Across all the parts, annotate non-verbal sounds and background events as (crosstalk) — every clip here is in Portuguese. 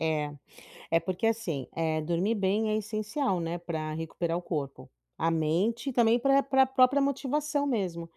É. Eh, porque assim, eh, dormir bem é essencial, né, pra recuperar o corpo, a mente e também pra pra própria motivação mesmo,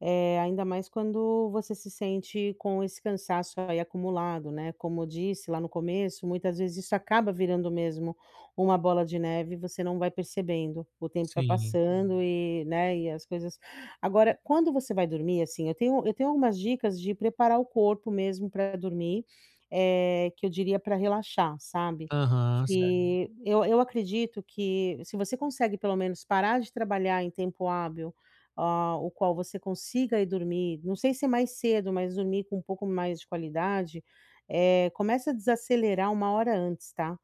eh, ainda mais quando você se sente com esse cansaço aí, acumulado, né, como disse lá no começo muitas vezes isso acaba virando mesmo uma bola de neve e você não vai percebendo, o tempo vai Sim. passando e, né, e as coisas agora quando você vai dormir assim, eu tenho eu tenho algumas dicas de preparar o corpo mesmo pra dormir, eh, que eu diria pra relaxar sabe, Aham, certo. que eu eu acredito que se você consegue pelo menos parar de trabalhar em tempo hábil, ah, o qual você consiga ir dormir, não sei se é mais cedo, mas dormir com um pouco mais de qualidade, eh, começa a desacelerar 1h antes, tá?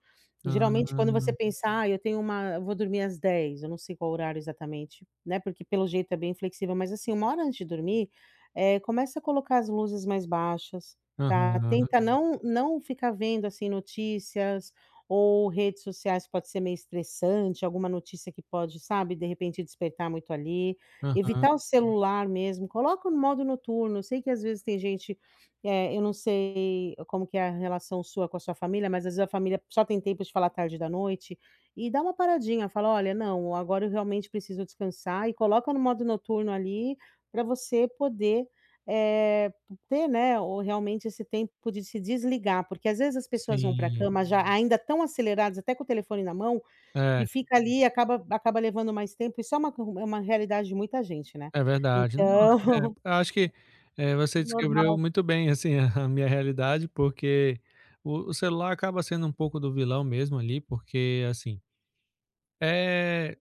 Geralmente quando você Hum. pensar: "Ai eu tenho uma eu vou dormir às 22h.", eu não sei qual horário exatamente, né, porque pelo jeito é bem flexível, mas assim 1h antes de dormir, eh começa a colocar as luzes mais baixas tá, Aham. tenta não não ficar vendo assim notícias ou redes sociais, pode ser meio estressante, alguma notícia que pode, sabe de repente despertar muito ali, Aham. evitar o celular mesmo, coloca no modo noturno, eu sei que às vezes tem gente, eh, eu não sei como que é a relação sua com a sua família, mas às vezes a família só tem tempo de falar tarde da noite, e dá uma paradinha, fala: "Olha, não, agora eu realmente preciso descansar." e coloca no modo noturno ali pra você poder, eh, p ter, né, o realmente esse tempo de se desligar, porque às vezes as pessoas vão pra Sim. cama já ainda tão aceleradas até com o telefone na mão, e É. fica ali e acaba acaba levando mais tempo e só uma cu uma realidade de muita gente, né. É verdade, não, Então eh, porque eu acho que é você descreveu normal. muito bem assim (chuckles) a minha realidade, porque o o celular acaba sendo um pouco do vilão mesmo ali porque é, assim é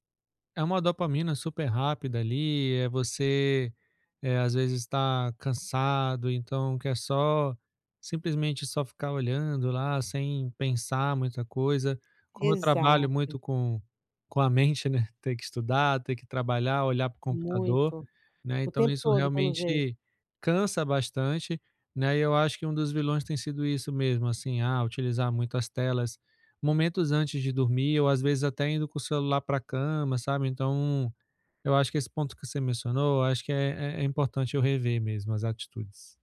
é uma dopamina super rápida ali, é você, eh, às vezes tá cansado então quer só, simplesmente só ficar olhando lá sem pensar muita coisa. Como eu trabalho Exato. muito com com a mente, né, tem que estudar, tem que trabalhar, olhar para o computador, Muito, né, o então tempo isso todo pelo jeito. realmente cansa bastante, né, e eu acho que um dos vilões tem sido isso mesmo, assim, ah, utilizar muito as telas momentos antes de dormir ou às vezes até indo com o celular pra cama, sabe, então, eu acho que esse ponto que você mencionou, eu acho que é é é importante eu rever mesmo, as atitudes.